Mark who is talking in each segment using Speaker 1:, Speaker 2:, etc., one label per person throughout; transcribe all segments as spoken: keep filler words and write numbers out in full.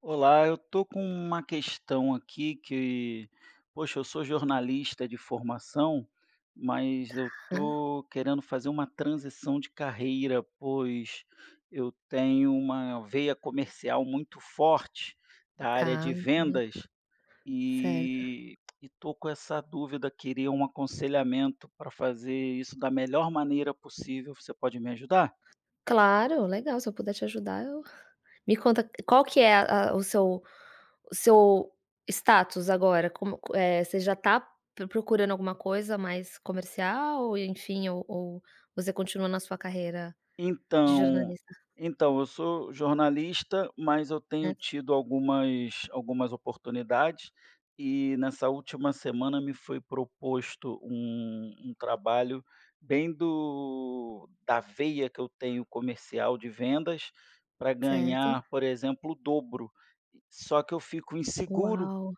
Speaker 1: Olá, eu estou com uma questão aqui que poxa, eu sou jornalista de formação, mas eu
Speaker 2: Tá.
Speaker 1: estou querendo fazer uma transição de carreira, pois eu tenho uma veia comercial muito forte da área
Speaker 2: Tá,
Speaker 1: de
Speaker 2: entendi.
Speaker 1: vendas
Speaker 2: Certo.
Speaker 1: e estou com essa dúvida. Queria um aconselhamento para fazer isso da melhor maneira possível. Você pode me ajudar?
Speaker 2: Claro, legal. Se eu puder te ajudar, eu me conta qual que é a a o seu o seu status agora como co eh, você já está pro procurando alguma coisa mais comercial ou enfim, ou ou você continua na sua carreira de
Speaker 1: Então
Speaker 2: jornalista?
Speaker 1: então eu sou jornalista, mas eu tenho
Speaker 2: Nessa
Speaker 1: tido algumas algumas oportunidades e nessa última semana me foi proposto um um trabalho bem do da veia que eu tenho comercial de vendas para
Speaker 2: Certo.
Speaker 1: ganhar, por exemplo, o dobro. Só que eu fico inseguro,
Speaker 2: Uau!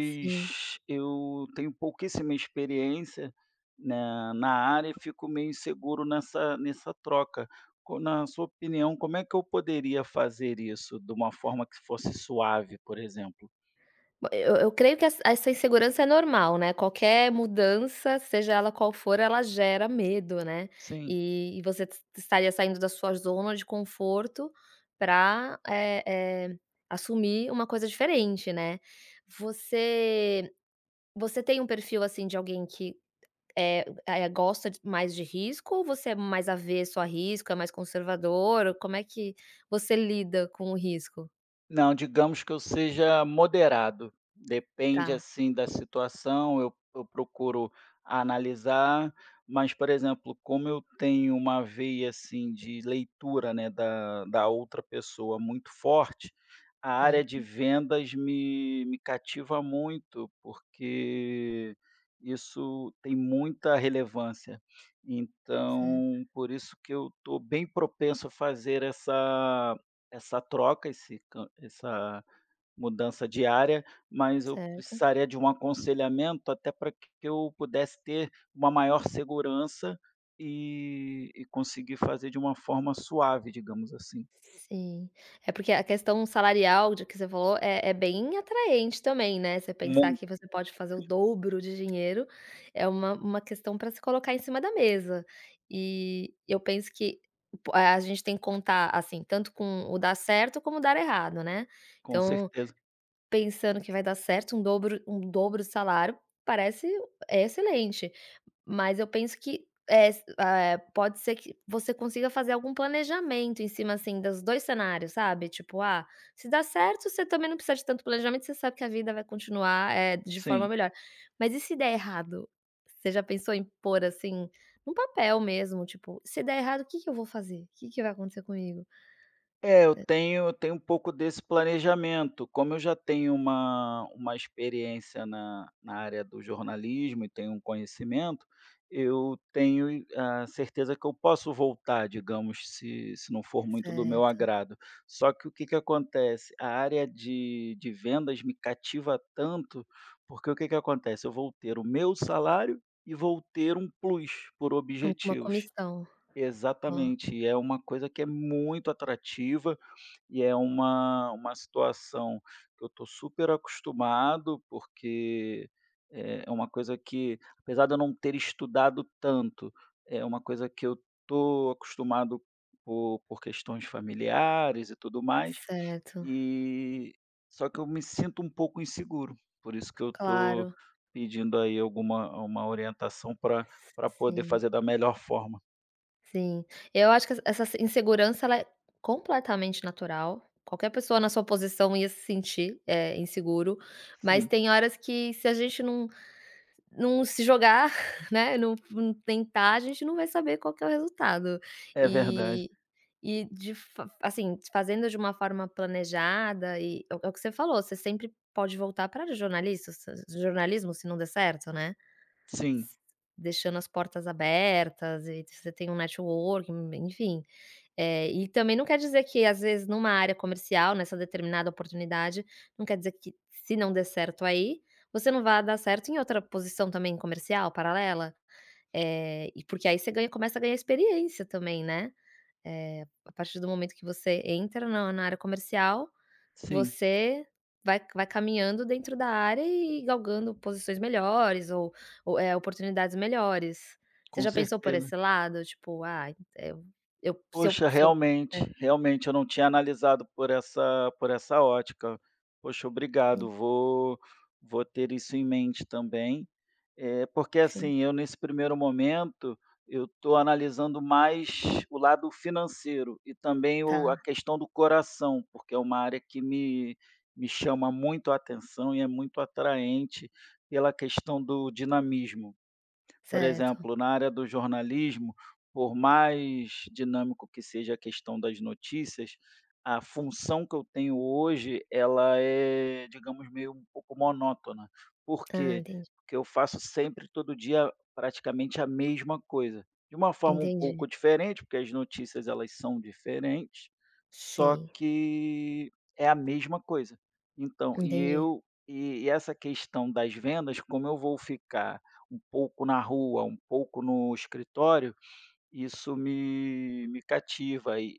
Speaker 2: Sim.
Speaker 1: eu tenho pouquíssima experiência na na área, eu fico meio inseguro nessa nessa troca co na sua opinião, como é que eu poderia fazer isso de uma forma que se fosse suave, por exemplo?
Speaker 2: Eu eu creio que essa essa insegurança é normal, né, qualquer mudança, seja ela qual for, ela gera medo, né.
Speaker 1: Sim.
Speaker 2: E e você estaria saindo da sua zona de conforto para, eh eh, assumir uma coisa diferente, né. Você você tem um perfil assim de alguém que, eh eh, gosta mais de risco ou você é mais avesso a risco, é mais conservador ou como é que você lida com o risco?
Speaker 1: Não, digamos que eu seja moderado, depende,
Speaker 2: Tá.
Speaker 1: assim, da situação, eu eu procuro analisar, mas por exemplo, como eu tenho uma veia assim de leitura, né, da da outra pessoa muito forte, a área de
Speaker 2: Certo.
Speaker 1: vendas me me cativa muito, porque isso tem muita relevância.
Speaker 2: Certo.
Speaker 1: Então por isso que eu tô bem propenso a fazer essa essa troca, esse can essa mudança diária, mas eu
Speaker 2: Certo.
Speaker 1: precisaria de um aconselhamento, até pra que eu pudesse ter uma maior segurança, e e conseguir fazer de uma forma suave, digamos assim.
Speaker 2: Sim, é porque a questão salarial de que você falou, é é bem atraente também, né, você pensar que
Speaker 1: Muito.
Speaker 2: você pode fazer o dobro de dinheiro, é uma uma questão pra se colocar em cima da mesa, e eu penso que por a gente tem que contar assim, tanto com o dar certo como dar errado, né.
Speaker 1: Com
Speaker 2: Então
Speaker 1: certeza.
Speaker 2: pensando que vai dar certo, um dobro um dobro salário parece excelente, mas eu penso que es ah é, pode ser que você consiga fazer algum planejamento em cima assim, dos dois cenários sabe, tipo, ah, se dá certo você também não precisa de tanto planejamento, você sabe que a vida vai continuar, eh, de forma
Speaker 1: Sim.
Speaker 2: melhor. Mas e se der errado, você já pensou em pôr assim num papel mesmo tipo: "Se der errado, o que que eu vou fazer, que que vai acontecer comigo?"
Speaker 1: É eu
Speaker 2: É
Speaker 1: tenho eu tenho um pouco desse planejamento, como eu já tenho uma uma experiência na na área do jornalismo e tenho um conhecimento, eu tenho, eh, a certeza que eu posso voltar digamos, se se não for muito do meu
Speaker 2: Certo.
Speaker 1: agrado. Só que o que que acontece, a área de de vendas me cativa tanto, porque o que que acontece, eu vou ter o meu salário e vou ter um plus por
Speaker 2: Alguma
Speaker 1: objetivos.
Speaker 2: comissão, hã.
Speaker 1: Exatamente, e é uma coisa que é muito atrativa, e é uma uma situação que eu tô super acostumado, porque, eh, é uma coisa que, apesar de eu não ter estudado tanto, é uma coisa que eu tô acostumado, por por questões familiares e tudo mais,
Speaker 2: Certo.
Speaker 1: e só que eu me sinto um pouco inseguro, por isso que eu tô
Speaker 2: Claro.
Speaker 1: pedindo aí alguma uma orientação pra pra
Speaker 2: S
Speaker 1: poder
Speaker 2: sim.
Speaker 1: fazer da melhor forma.
Speaker 2: Sim. Eu acho que essa essa insegurança, ela é completamente natural, qualquer pessoa na sua posição ia se sentir é inseguro, mas
Speaker 1: Sim.
Speaker 2: tem horas que se a gente não não se jogar, né, não não tentar, a gente não vai saber qual que é o resultado
Speaker 1: É verdade.
Speaker 2: e e de fa assim, fazendo de uma forma planejada e é é o que você falou, você sempre pode voltar para os jornalistas, jornalismo, se não der certo, né. S
Speaker 1: Sim.
Speaker 2: deixando as portas abertas e você tem um networking, enfim, eh, e também não quer dizer que às vezes numa área comercial, nessa determinada oportunidade não quer dizer que se não der certo, aí você não vai dar certo em outra posição também comercial paralela, eh, e porque aí você ganha começa a ganhar experiência também, né, eh, a partir do momento que você entra na na área comercial,
Speaker 1: Sim.
Speaker 2: você vai vai caminhando dentro da área e galgando posições melhores ou ou é oportunidades melhores, você
Speaker 1: Com
Speaker 2: já pensou por
Speaker 1: certeza.
Speaker 2: esse lado? Tipo "ah, eu eu se eu
Speaker 1: Poxa,
Speaker 2: se eu" É.
Speaker 1: realmente realmente eu não tinha analisado por essa por essa ótica, poxa,
Speaker 2: Sim.
Speaker 1: obrigado, vou vou ter isso em mente também, eh, porque assim
Speaker 2: Sim.
Speaker 1: eu nesse primeiro momento, eu tô analisando mais o lado financeiro e também o a
Speaker 2: Tá.
Speaker 1: questão do coração, porque é uma área que me me chama muito a atenção e é muito atraente pela questão do dinamismo, por
Speaker 2: Certo.
Speaker 1: exemplo, na área do jornalismo, por mais dinâmico que seja a questão das notícias, a função que eu tenho hoje, ela é, digamos, meio um pouco monótona, por
Speaker 2: Ah,
Speaker 1: quê?
Speaker 2: entendi.
Speaker 1: Porque eu faço sempre todo dia praticamente a mesma coisa de uma forma um
Speaker 2: Entendi.
Speaker 1: pouco diferente, porque as notícias elas são diferentes, só
Speaker 2: Sim.
Speaker 1: que é a mesma coisa, então e
Speaker 2: Entendi.
Speaker 1: eu e e essa questão das vendas, como eu vou ficar um pouco na rua, um pouco no escritório, isso me me cativa e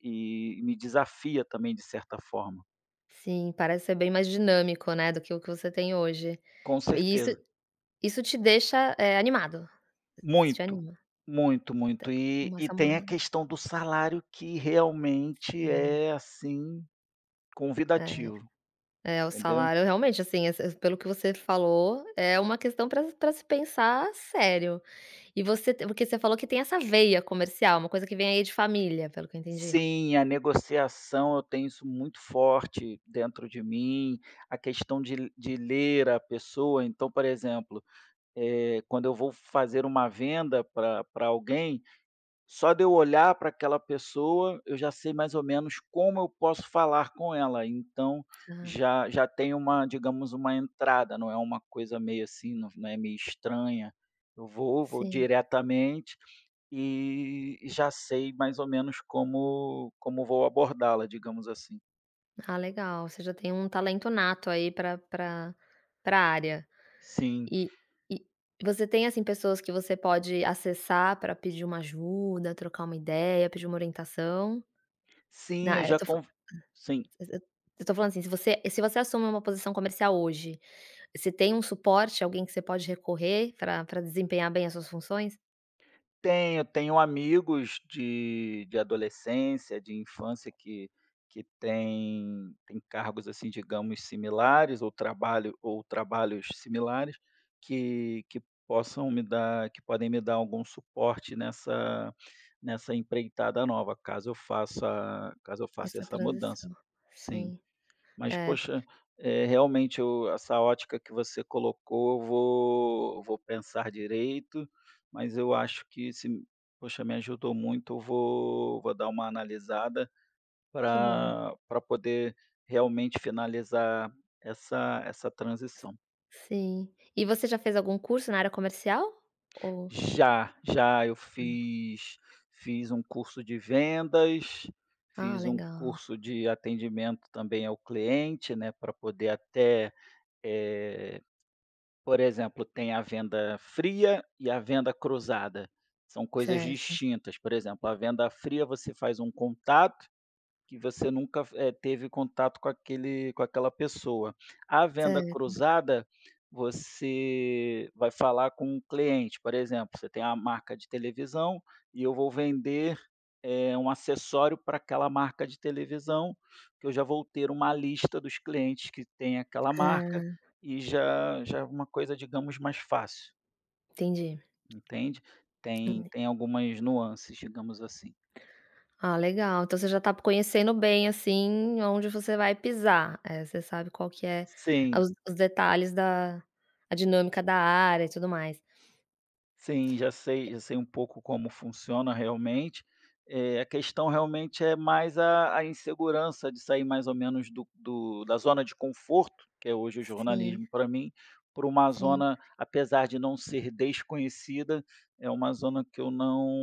Speaker 1: e e me desafia também de certa forma.
Speaker 2: Sim, parece ser bem mais dinâmico, né, do que o que você tem hoje
Speaker 1: Com
Speaker 2: e e isso
Speaker 1: certeza.
Speaker 2: isso te deixa é animado, te
Speaker 1: Muito,
Speaker 2: anima, te
Speaker 1: muito, muito e
Speaker 2: uma
Speaker 1: e tem a
Speaker 2: samona
Speaker 1: questão do salário, que realmente
Speaker 2: E
Speaker 1: é assim
Speaker 2: É,
Speaker 1: convidativo,
Speaker 2: é, o
Speaker 1: entendeu?
Speaker 2: salário realmente, assim, esse pelo que você falou, é uma questão pra pra se pensar sério. E você porque você falou que tem essa veia comercial, uma coisa que vem aí de família, pelo que eu entendi.
Speaker 1: Sim, a negociação, eu tenho isso muito forte dentro de mim, a questão de de ler a pessoa, então, por exemplo, eh, quando eu vou fazer uma venda pra pra alguém. Só de olhar pra aquela pessoa, eu já sei mais ou menos como eu posso falar com ela. Então
Speaker 2: Ah.
Speaker 1: já já tem uma, digamos, uma entrada, não é uma coisa meio assim, não não é meio estranha, eu vou vou
Speaker 2: Sim.
Speaker 1: diretamente e e já sei mais ou menos como como vou abordá-la, digamos assim.
Speaker 2: Ah, legal, você já tem um talento nato aí pra pra pra área
Speaker 1: Sim.
Speaker 2: e e você tem, assim, pessoas que você pode acessar pra pedir uma ajuda, trocar uma ideia, pedir uma orientação? Nã
Speaker 1: Sim, eu
Speaker 2: é, eu
Speaker 1: já
Speaker 2: tô f
Speaker 1: conf Sim.
Speaker 2: se se eu estou falando assim, se você se você assume uma posição comercial hoje, você tem um suporte, alguém que você pode recorrer pra pra desempenhar bem as suas funções?
Speaker 1: Tenho, eu tenho amigos de de adolescência, de infância que que tem tem cargos, assim, digamos, similares, ou trabalho ou trabalhos similares, que que possam me dar que podem me dar algum suporte nessa nessa empreitada nova, caso eu faça caso eu faça
Speaker 2: Essa
Speaker 1: essa mudança.
Speaker 2: transição.
Speaker 1: Sim.
Speaker 2: Sim.
Speaker 1: Mas
Speaker 2: É.
Speaker 1: poxa, é realmente o essa ótica que você colocou, eu vou vou pensar direito, mas eu acho que se poxa, me ajudou muito, eu vou vou dar uma analisada
Speaker 2: Que bom.
Speaker 1: para para poder realmente finalizar essa essa
Speaker 2: S
Speaker 1: transição.
Speaker 2: sim. E você já fez algum curso na área comercial? Ou
Speaker 1: Já. Já, eu fiz fiz um curso de vendas,
Speaker 2: Ah,
Speaker 1: fiz um
Speaker 2: legal.
Speaker 1: curso de atendimento, também, ao cliente, né, para poder até, eh por exemplo, tem a venda fria e a venda cruzada. São coisas
Speaker 2: Certo.
Speaker 1: distintas, por exemplo, a venda fria, você faz um contato que você nunca f eh, teve contato com aquele com aquela pessoa. A venda
Speaker 2: Cer
Speaker 1: cruzada, você vai falar com o cliente, por exemplo, você tem a marca de televisão e eu vou vender, eh, um acessório para aquela marca de televisão, que eu já vou ter uma lista dos clientes que tem aquela marca,
Speaker 2: Ah.
Speaker 1: e já já é alguma coisa, digamos, mais fácil.
Speaker 2: Entendi.
Speaker 1: Entende, tem
Speaker 2: Hum.
Speaker 1: tem algumas nuances, digamos assim.
Speaker 2: Ah, legal, então você já está conhecendo bem assim onde você vai pisar, eh, você sabe qual que é
Speaker 1: Sim.
Speaker 2: os os detalhes da a dinâmica da área e tudo mais.
Speaker 1: Sim, já sei
Speaker 2: É
Speaker 1: já sei um pouco como funciona realmente, eh, a questão realmente é mais a a insegurança de sair mais ou menos do do da zona de conforto, que é hoje o
Speaker 2: Sim.
Speaker 1: jornalismo para mim, para uma
Speaker 2: Sim.
Speaker 1: zona, apesar de não ser desconhecida, é uma zona que eu não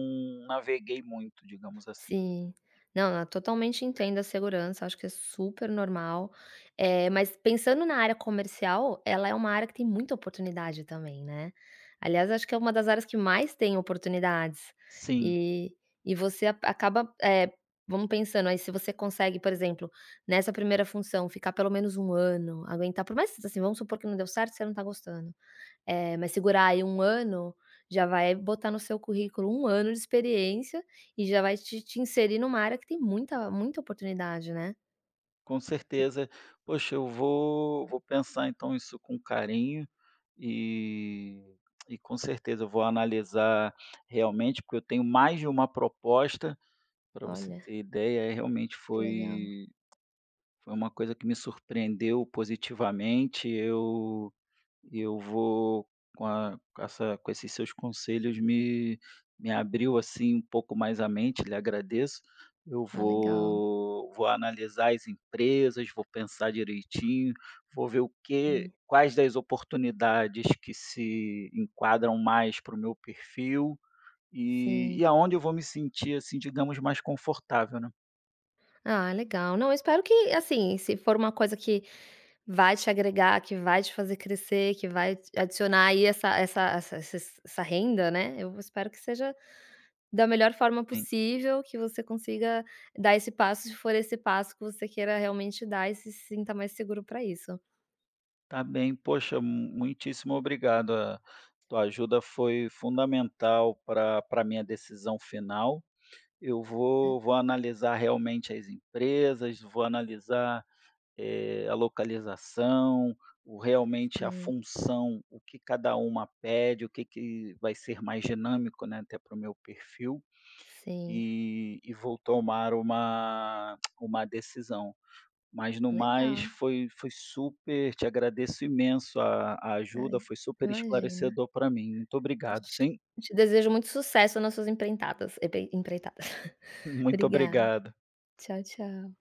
Speaker 1: naveguei muito, digamos assim.
Speaker 2: Sim, não, eu totalmente entendo a insegurança. Acho que é super normal, eh, mas pensando na área comercial, ela é uma área que tem muita oportunidade também, né. Aliás, acho que é uma das áreas que mais tem oportunidades
Speaker 1: Sim.
Speaker 2: e e você acaba, eh, vamos pensando aí, se você consegue, por exemplo, nessa primeira função, ficar pelo menos um ano, aguentar, por mais assim, vamos supor que não deu certo, você não tá gostando, eh, mas segurar aí um ano, já vai botar no seu currículo um ano de experiência e já vai te te inserir numa área que tem muita muita oportunidade, né.
Speaker 1: Com
Speaker 2: Você
Speaker 1: certeza, poxa, eu vou vou pensar então isso com carinho e e com certeza eu vou analisar realmente, porque eu tenho mais de uma proposta pra você
Speaker 2: Olha.
Speaker 1: ter ideia é realmente
Speaker 2: Que legal.
Speaker 1: foi foi uma coisa que me surpreendeu positivamente. Eu eu vou com a com essa com esses seus conselhos, me me abriu assim um pouco mais a mente lhe agradeço, eu
Speaker 2: Ah, legal.
Speaker 1: vou vou analisar as empresas. Vou pensar direitinho, vou ver o que
Speaker 2: Isso.
Speaker 1: quais das oportunidades que se enquadram mais para o meu perfil e
Speaker 2: Sim.
Speaker 1: e aonde eu vou me sentir assim, digamos, mais confortável, né.
Speaker 2: Ah, legal, não, eu espero que, assim, se for uma coisa que vai te agregar, que vai te fazer crescer, que vai t adicionar aí, essa essa essa sa sa essa renda, né? Eu v espero que seja da melhor forma
Speaker 1: Sim.
Speaker 2: possível que você consiga dar esse passo, se for esse passo que você queira realmente dar e se sinta mais seguro pra isso.
Speaker 1: Tá bem, poxa, m muitíssimo obrigado, a tua ajuda foi fundamental pra pra minha decisão final, eu vou vou
Speaker 2: [unintelligible]
Speaker 1: analisar realmente as empresas, vou analisar, eh, a localização, o realmente a
Speaker 2: Sim.
Speaker 1: função, o que cada uma pede, o que que vai ser mais dinâmico, né, até para o meu perfil.
Speaker 2: Sim.
Speaker 1: Eh, e vou tomar uma uma decisão, mas no mais
Speaker 2: Legal.
Speaker 1: foi foi super te agradeço imenso a a
Speaker 2: Ai,
Speaker 1: ajuda, foi super
Speaker 2: imagina.
Speaker 1: esclarecedor pra mim. Muito obrigado,
Speaker 2: Te
Speaker 1: sim?
Speaker 2: te desejo muito sucesso nas suas emprentadas etei entreta
Speaker 1: Muito
Speaker 2: Obrigada,
Speaker 1: obrigado.
Speaker 2: tchau, tchau.